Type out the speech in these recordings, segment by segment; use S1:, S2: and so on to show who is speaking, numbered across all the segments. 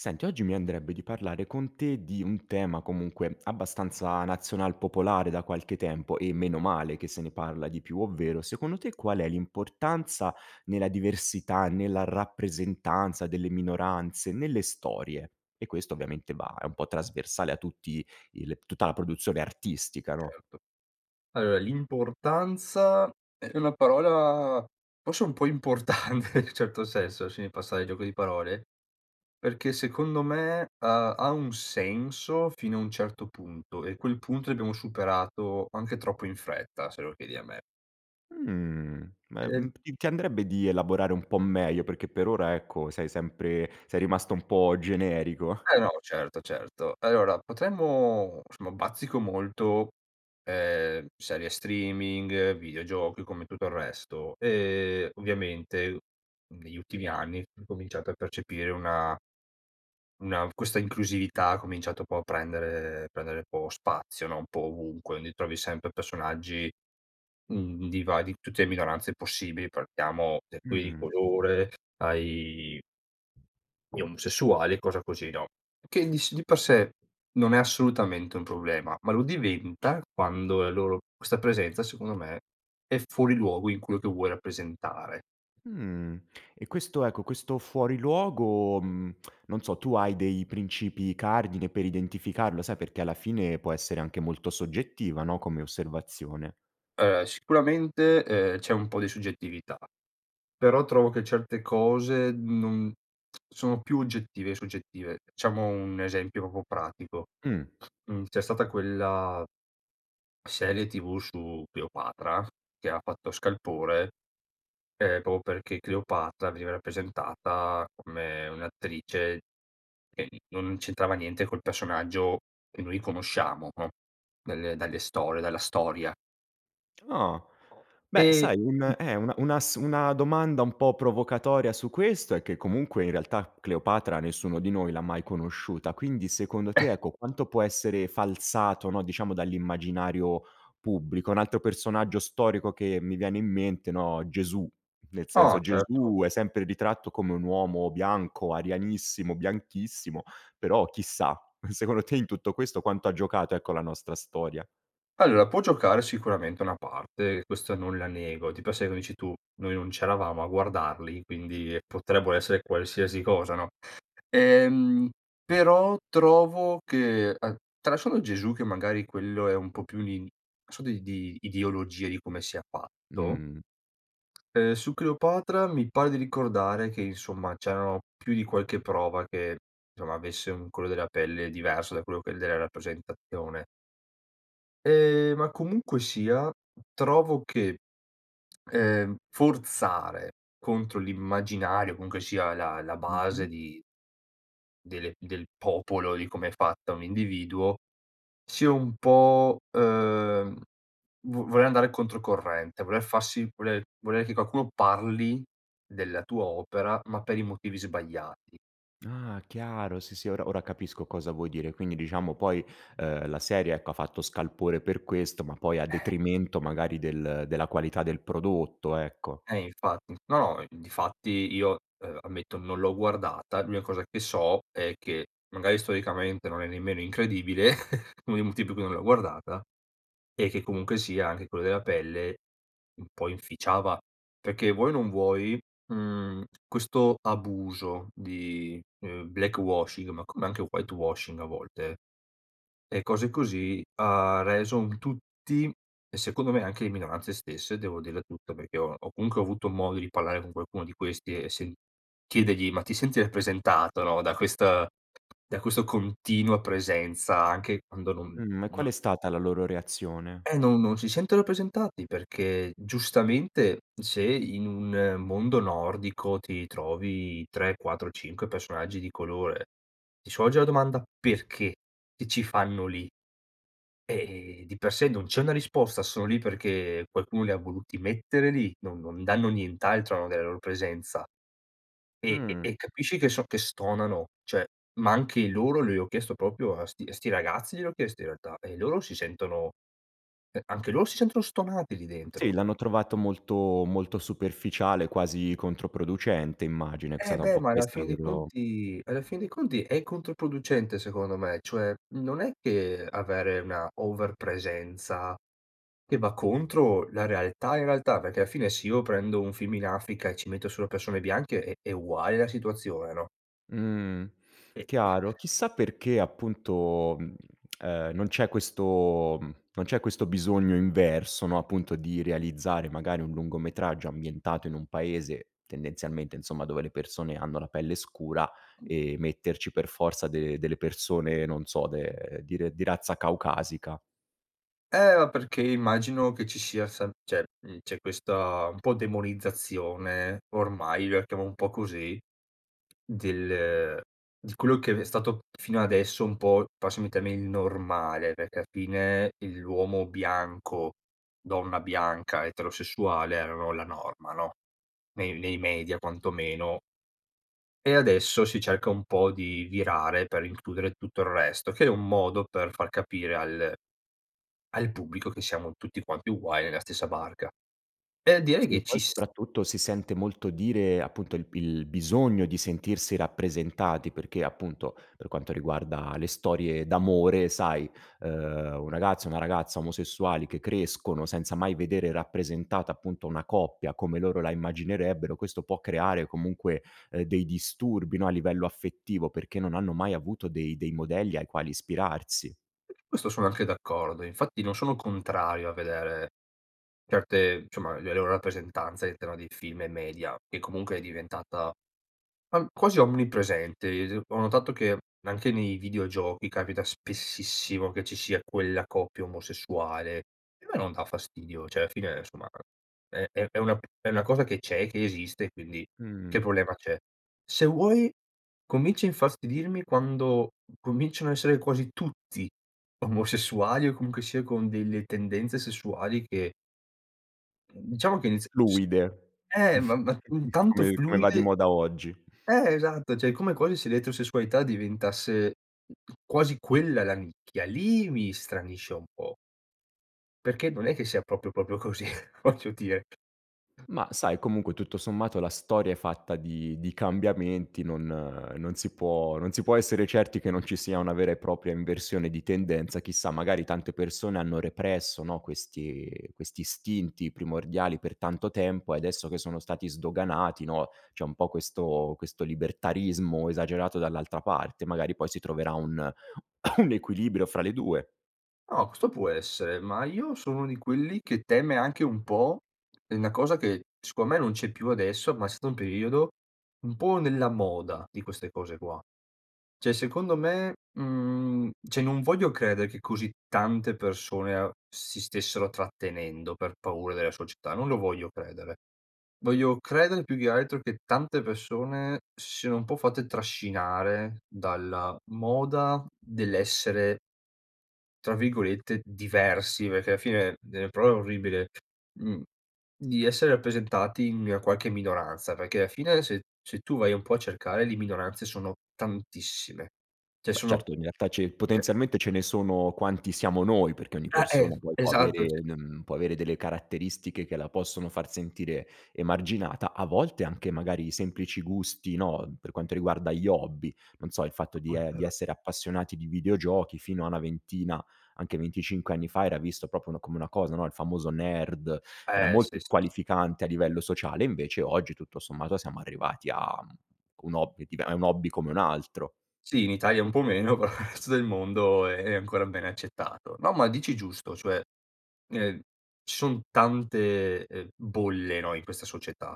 S1: Senti oggi mi andrebbe di parlare con te di un tema comunque abbastanza nazional popolare da qualche tempo e meno male che se ne parla di più ovvero, secondo te qual è l'importanza nella diversità, nella rappresentanza delle minoranze, nelle storie. E questo ovviamente va è un po' trasversale a tutti il tutta la produzione artistica, no?
S2: Certo, allora l'importanza è una parola forse un po' importante, in un certo senso, lasciami passare il gioco di parole perché secondo me, ha ha un senso fino a un certo punto e quel punto l'abbiamo superato anche troppo in fretta se lo chiedi a me.
S1: Mhmm,
S2: E
S1: ma,
S2: l
S1: mhmm, ti andrebbe di elaborare un po' meglio perché per ora ecco, sei sempre sei rimasto un po' generico.
S2: Eh no certo, certo. Allora potremmo somma bazzico molto, ehm, serie streaming, videogiochi, come tutto il resto e ovviamente negli ultimi anni ho cominciato a percepire una una questa inclusività ha cominciato po' a prendere prendere un po' spazio no, un po' ovunque quindi trovi sempre personaggi, mhmm, di va di tutte le minoranze possibili, partiamo per cui di
S1: Mh.
S2: colore ai gli omosessuali e cosa così, no? Che dis di per sé non è assolutamente un problema ma lo diventa quando la loro questa presenza secondo me, è fuori luogo in quello che vuoi rappresentare.
S1: Mhmm, e questo ecco, questo fuori luogo, mhmm, non so, tu hai dei princìpi cardine per identificarlo? Sai perché alla fine può essere anche molto soggettiva, no, come osservazione.
S2: Ehm, sicuramente, ehm, c'è un po' di soggettività, però trovo che certe cose, non sono più oggettive e soggettive. Facciamo un esempio proprio pratico.
S1: Mh.
S2: Mhmm, c'è stata quella serie TV su Cleopatra che ha fatto scalpore, ehm, proprio perché Cleopatra veniva rappresentata come un'attrice che non c'entrava niente col personaggio che noi conosciamo, no, delle dalle storie, dalla storia.
S1: Ah. Beh
S2: E
S1: sai
S2: mh
S1: un e una una s una domanda un po' provocatoria su questo è che comunque in realtà Cleopatra nessuno di noi l'ha mai conosciuta, quindi secondo te ecco, quanto può essere falsato, no, diciamo dall'immaginario pubblico? Un altro personaggio storico che mi viene in mente no, Gesù, nel
S2: Ah,
S1: senso
S2: certo.
S1: Gesù, è sempre ritratto come un uomo bianco, arianissimo, bianchissimo però, chissà, secondo te in tutto questo quanto ha giocato ecco, la nostra storia?
S2: Allora può giocare sicuramente una parte. Questo non la nego. Di per sé, come dici tu, noi non c'eravamo a guardarli quindi potrebbero essere qualsiasi cosa, no? Ehm, però trovo che an tralasciando Gesù che magari quello è un po' più un in so di di ideologia, di come sia fatto,
S1: Mh.
S2: ehm, su Cleopatra mi pare di ricordare che insomma c'erano più di qualche prova che somma, avesse un colore della pelle diverso da quello che è della rappresentazione. Ehm, ma comunque sia trovo che, ehm, forzare contro l'immaginario, comunque sia la la base
S1: Mh-mh.
S2: di delle del popolo, di come è fatta un individuo sia un po', ehm, vo voler andare controcorrente, voler farsi voler volere che qualcuno parli della tua opera ma per i motivi sbagliati.
S1: Ah, chiaro sì, sì, ora ora capisco cosa vuoi dire, quindi diciamo poi, ehm, la serie ecco, ha fatto scalpore per questo ma poi a
S2: Ehm.
S1: detrimento del della qualità del prodotto, ecco.
S2: Eh infatti. No, no, difatti io, uhm, ammetto non l'ho guardata. L'unica cosa che so è che magari storicamente non è nemmeno incredibile, uno dei motivi per cui non l'ho guardata, e che comunque sia anche quello della pelle un po' inficiava. Perché vuoi o non vuoi, mhmm, questo abuso di, ehm, black washing, ma come anche white washing a volte, e cose così, ha reso un tutti e secondo me anche le minoranze stesse devo dirla tutta, perché ho ho comunque avuto modo di parlare con qualcuno di questi e se chiedergli: "Ma ti senti rappresentata, no, da questa da questo continua presenza anche quando non
S1: Mh-mh, e
S2: non
S1: qual è stata la loro reazione?
S2: Eh non non si sento rappresentati, perché giustamente se in un mondo nordico ti trovi 3, 4, 5 personaggi di colore. Ti sorge la domanda: "Perché? Che ci fanno lì?" Ehm, di per sé non c'è una risposta, sono lì perché qualcuno li ha voluti mettere lì, non non danno nient'altro [unintelligible] delle loro presenza e e
S1: Mh.
S2: e capisci che so che stonano, cioè ma anche i loro gliel'ho chiesto proprio a 'sti a 'sti ragazzi gliel'ho chiesto in realtà, e loro si sentono eh anche loro si sentono stonati lì dentro.
S1: Sì l'hanno trovato molto, molto superficiale quasi controproducente immagino, è
S2: E
S1: stata un
S2: beh
S1: po'
S2: ma alla
S1: questa la
S2: fin dei
S1: loro
S2: conti alla fin dei conti è controproducente secondo me, cioè non è che avere una over presenza che va contro la realtà, in realtà perché alla fine, se io prendo un film in Africa e ci metto solo persone bianche è è uguale la situazione, no?
S1: Mhmm,
S2: Eh-eh.
S1: chiaro, chissà perché appunto, mhmm, e non c'è questo, mhmm, non c'è questo bisogno inverso, no, appunto di realizzare magari un lungometraggio ambientato in un paese, tendenzialmente insomma dove le persone hanno la pelle scura e metterci per forza de delle persone, non so, de di re di razza caucasica.
S2: Eh ma perché immagino che ci sia san cioè, mhmm, c'é questa un po' demonizzazione ormai, io la chiamo un po' così del di quello che è stato fino adesso un po', passami il termine il normale, perché al fine il l'uomo bianco, donna bianca eterosessuale erano la norma, no? Nei nei media quantomeno. E adesso si cerca un po' di virare per includere tutto il resto, che è un modo per far capire al al pubblico che siamo tutti quanti uguali nella stessa barca. E direi
S1: Sì e
S2: che
S1: poi
S2: ci s
S1: soprattutto si sente molto dire appunto il b il bisogno di sentirsi rappresentati perché appunto, per quanto riguarda le storie d'amore sai, ehm, un ragazzo, una ragazza omosessuali che crescono, senza mai vedere rappresentata appunto, una coppia come loro la immaginerebbero, questo può creare comunque, ehm, dei disturbi no, a livello affettivo perché non hanno mai avuto dei dei modelli ai quali ispirarsi.
S2: Questo sono anche d'accordo e infatti non sono contrario a vedere certe insomma le loro rappresentanze all'interno dei film e media che comunque è diventata, uhm, quasi omni-presente, ehm, se ho notato che anche nei videogiochi capita spessissimo che ci sia quella coppia omosessuale e a me non dà fastidio, cioè alla fine, somma è è è una è una cosa che c'è, che esiste, quindi che
S1: Mh.
S2: problema c'è? Se vuoi comincio a infastidirmi quando cominciano a essere quasi tutti omosessuali o comunque sia con delle tendenze sessuali che diciamo che inizial s
S1: Fluide
S2: ehm, ma ma tanto
S1: come i come va di
S2: fluide
S1: moda oggi.
S2: eh esatto cioè come quasi se l'eterosessualità diventasse quasi quella la nicchia, lì mi stranisce un po'. Perché non è che sia proprio, proprio così, voglio dire.
S1: Ma sai comunque tutto sommato la storia è fatta di di cambiamenti, non non si può non si può essere certi che non ci sia una vera e propria inversione di tendenza, chissà magari tante persone hanno represso no, questi questi istinti primordiali per tanto tempo e adesso che sono stati sdoganati, no, c'è un po' questo questo libertarismo esagerato dall'altra parte, magari poi si troverà un un equilibrio fra le 2.
S2: No, questo può essere ma io sono uno di quelli che teme anche un po' è una cosa che secondo me non c'è più adesso ma è stato un periodo, un po' nella moda di queste cose qua. Cioè secondo me, mhmm, cioè non voglio credere che così tante persone a si stessero trattenendo per paura della società. Non lo voglio credere. Voglio credere più che altro che tante persone si siano un po' fatte trascinare dalla moda dell'essere tra virgolette "diversi", perché alla fine delle prove orribile, mhmm, di essere rappresentati in qualche minoranza perché alla fine, se se tu vai un po' a cercare, le minoranze sono tantissime, cioè
S1: Beh
S2: sono
S1: certo in realtà c'è il
S2: cioè
S1: potenzialmente ce ne sono quanti siamo noi, perché ogni
S2: Ah eh,
S1: persona poi può
S2: esatto
S1: avere
S2: cioé.
S1: un, mhmm, può avere delle caratteristiche che la possono far sentire emarginata a volte anche magari i semplici gusti no, per quanto riguarda gli hobby, non so, il fatto
S2: No,
S1: di
S2: no, é
S1: e di
S2: vero.
S1: essere appassionati di videogiochi fino a una ventina, anche 25 anni fa era visto proprio n come una cosa no, il famoso nerd era
S2: Eh,
S1: molto
S2: sì, sì, sì.
S1: squalificante a livello sociale, invece oggi tutto sommato siamo arrivati a un hobby div è un hobby come un altro.
S2: Sì, in Italia un po' meno però resto del mondo è ancora bene accettato. No, ma dici giusto cioè, ehm, ci son tante, ehm, bolle no, in questa società.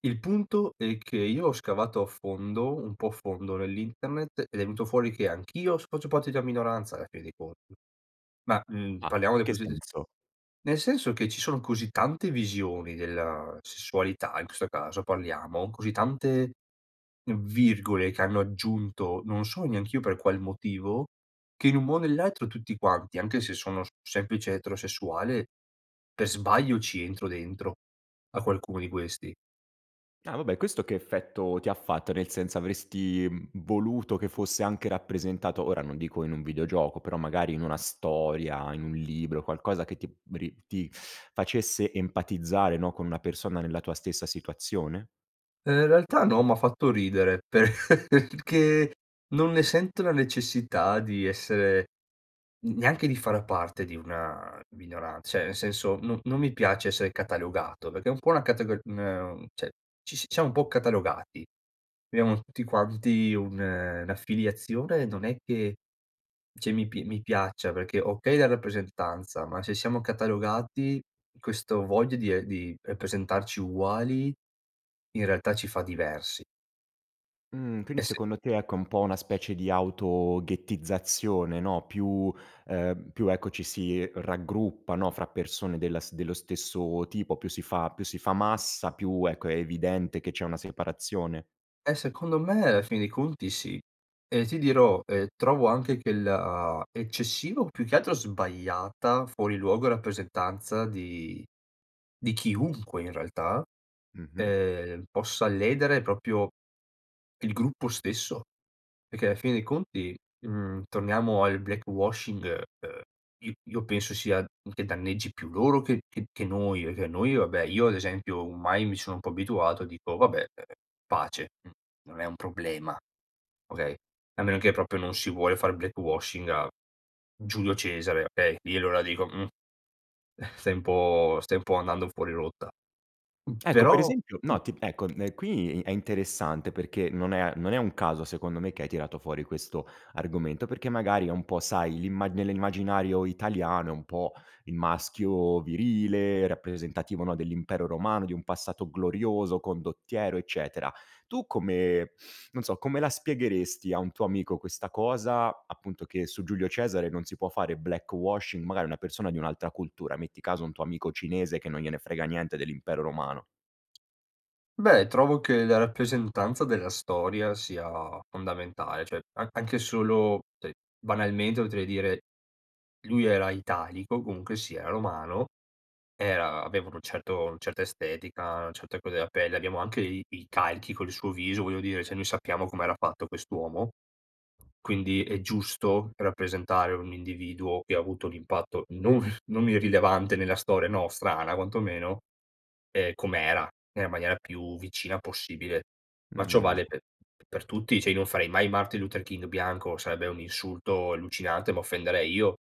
S2: Il punto è che io ho scavato a fondo, un po' a fondo nell'internet ed è venuto fuori che anch'io adesso faccio parte di una minoranza alla fine dei conti, ma, mhmm,
S1: Ah,
S2: parliamo
S1: in
S2: del
S1: che
S2: [unintelligible]
S1: senso?
S2: nel senso che ci sono così tante visioni della sessualità in questo caso, parliamo, così tante virgole che hanno aggiunto, non so neanch'io per qual motivo, che in un mo o nell'altro tutti quanti, anche se sono semplice eterosessuale, per sbaglio ci entro dentro a qualcuno di questi.
S1: Ah vabbè, questo che effetto ti ha fatto nel senso, avresti, mhmm, voluto che fosse anche rappresentato ora non dico in un videogioco però magari in una storia, in un libro, qualcosa che ti ri ti facesse empatizzare, no, con una persona nella tua stessa situazione?
S2: Ehm, in realtà no m'ha fatto ridere per perchè non ne sento la necessità di essere n neanche di far parte di una minoran cioè nel senso, no non mi piace essere catalogato perché è un po' una categori ne un cioè ci siamo un po' catalogati, abbiamo tutti quanti un un'affiliazione, non è che cioè mi p mi piaccia perché, okay la rappresentanza, ma se siamo catalogati questo voglia di e di rappresentarci uguali, in realtà ci fa diversi.
S1: Mhmm, quindi
S2: Eh sì.
S1: secondo te ecco è un po' una specie di auto ghettizzazione, no, più, ehm, più ecco, ci si raggruppa no, fra persone della s dello stesso tipo più si fa più si fa massa più, ecco, è evidente che c'è una separazione?
S2: Eh, secondo me, alla fine dei conti sì e ti dirò, ehm, trovo anche che la eccessivo più che altro sbagliata, fuori luogo, rappresentanza di di chiunque in realtà,
S1: Mh-mh.
S2: ehm, possa ledere proprio il gruppo stesso, e che ala fine dei conti, mhmm, torniamo al black washing, ehm, i io penso sia che danneggi più loro che che che noi, e che noi, vabbè io ad esempio, o mai mi sono un po' abituato e dico: "Vabbè, uhm, pace. N non è un problema, okay". A meno che proprio non si vuole far black washing, a Giulio Cesare, okay? Lì allora dico: "Mhmm, stai un po' stai un po' andando fuori rotta". Mhmm,
S1: Ecco, per
S2: però
S1: esempio, no ti ecco, uhm, qui è interessante perché, non è a non è un caso secondo me, che hai tirato fuori questo argomento perché magari è un po' sai, l'imma nell'immaginario italiano è un po' il maschio virile rappresentativo, no, dell'Impero Romano, di un passato glorioso, condottiero, eccetera; tu come, non so, come la spiegheresti a un tuo amico questa cosa, appunto che su Giulio Cesare non si può fare black washing, magari una persona di un'altra cultura, metti caso un tuo amico cinese, che non gliene frega niente dell'Impero Romano.
S2: Beh trovo che la rappresentanza della storia sia fondamentale cioè, a anche solo cioè banalmente potrei dire lui era italico comunque sia, Romano era avevano un certo una certa estetica, una certa colore della pelle, abbiamo anche i i calchi con il suo viso voglio dire cioè, noi sappiamo com'era fatto quest'uomo, quindi è giusto rappresentare un individuo che ha avuto l'impatto non non irrilevante nella storia nostrana quantomeno, ehm, com'era, nella maniera più vicina possibile, ma ciò
S1: Mh.
S2: vale pe per tutti cioè, io non farei mai Martin Luther King bianco, sarebbe un insulto allucinante, m'offenderei io.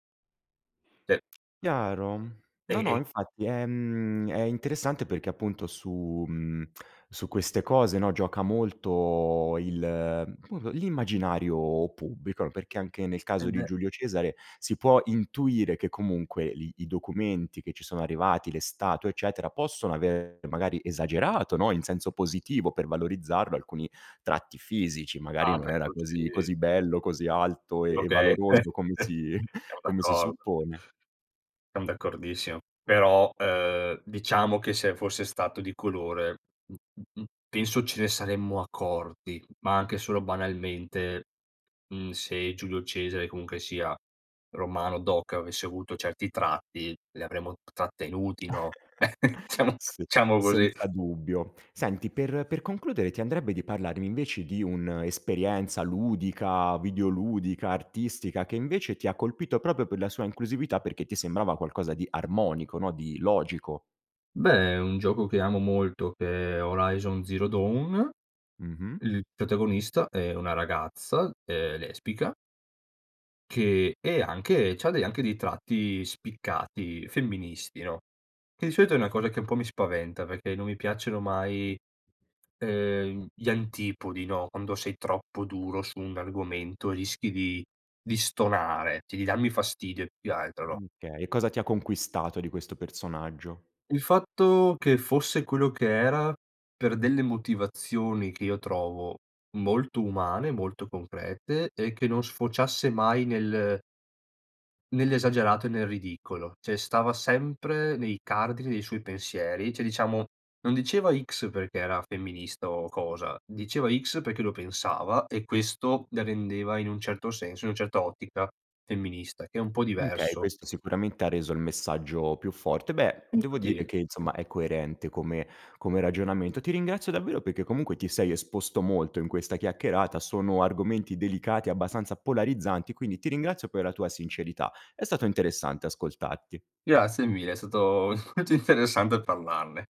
S2: cioè
S1: Chiaro.
S2: E
S1: No, no,
S2: e
S1: infatti, ehm, è interessante perché appunto su, mhmm, su queste cose no, gioca molto il, come po l'immaginario pubblico, perché anche nel
S2: Eh
S1: caso di
S2: beh.
S1: Giulio Cesare si può intuire che comunque lì i documenti che ci sono arrivati, le statue, eccetera, possono avere magari esagerato, no, in senso positivo per valorizzarlo, alcuni tratti fisici, magari
S2: Ah
S1: non
S2: beh,
S1: era
S2: quello
S1: così
S2: sì.
S1: così bello, così alto
S2: Sì
S1: e e
S2: okay,
S1: valoroso come si
S2: siamo
S1: come si
S2: d'accordo.
S1: suppone.
S2: Siam d'accordissimo però, ehm, diciamo che se fosse stato di colore, mh-mh, mh penso ce ne saremmo accorti ma anche solo banalmente, mhmm, se Giulio Cesare comunque sia, Romano doc, avesse avuto certi tratti li avremmo trattenuti, no? Diciamo-
S1: Sì.
S2: diciamo così.
S1: Senza dubbio. Senti, per per concludere ti andrebbe di parlarmi invece di un'esperienza ludica, videoludica, artistica che invece ti ha colpito proprio per la sua inclusività perché ti sembrava qualcosa di armonico no, di logico.
S2: Beh, un gioco che amo molto che è Horizon Zero Dawn,
S1: Mh-mh.
S2: il protagonista è una ragazza, ehm, lesbica che è anche, c'ha dei anche dei tratti spiccati femministi, no? Che di solito è una cosa che un po' mi spaventa perché non mi piacciono mai, ehm, gli antipodi, no, quando sei troppo duro su un argomento rischi di di stonare, c di darmi fastidio più che altro, no?
S1: Uhm, okay e cosa ti conquistato di questo personaggio?
S2: Il fatto che fosse quello che era per delle motivazioni che io trovo molto umane, molto concrete e che non sfociasse mai nel nell'esagerato e nel ridicolo. Cioè, stava sempre nei cardini dei suoi pensieri, cioè, diciamo non diceva: "X" perché era femminista o cosa diceva: "X" perché lo pensava e questo la rendeva in un certo senso in un certo ottica femminista che è un po'
S1: Mhmm, okay
S2: diverso.
S1: questo sicuramente ha reso il messaggio più forte. Beh, devo dire
S2: Infatti,
S1: che insomma è coerente come come ragionamento. Ti ringrazio davvero perché comunque ti sei esposto molto in questa chiacchierata, sono argomenti delicati, abbastanza polarizzanti, quindi ti ringrazio per la tua sincerità. È stato interessante ascoltarti.
S2: Grazie mille è stato molto interessante parlarne.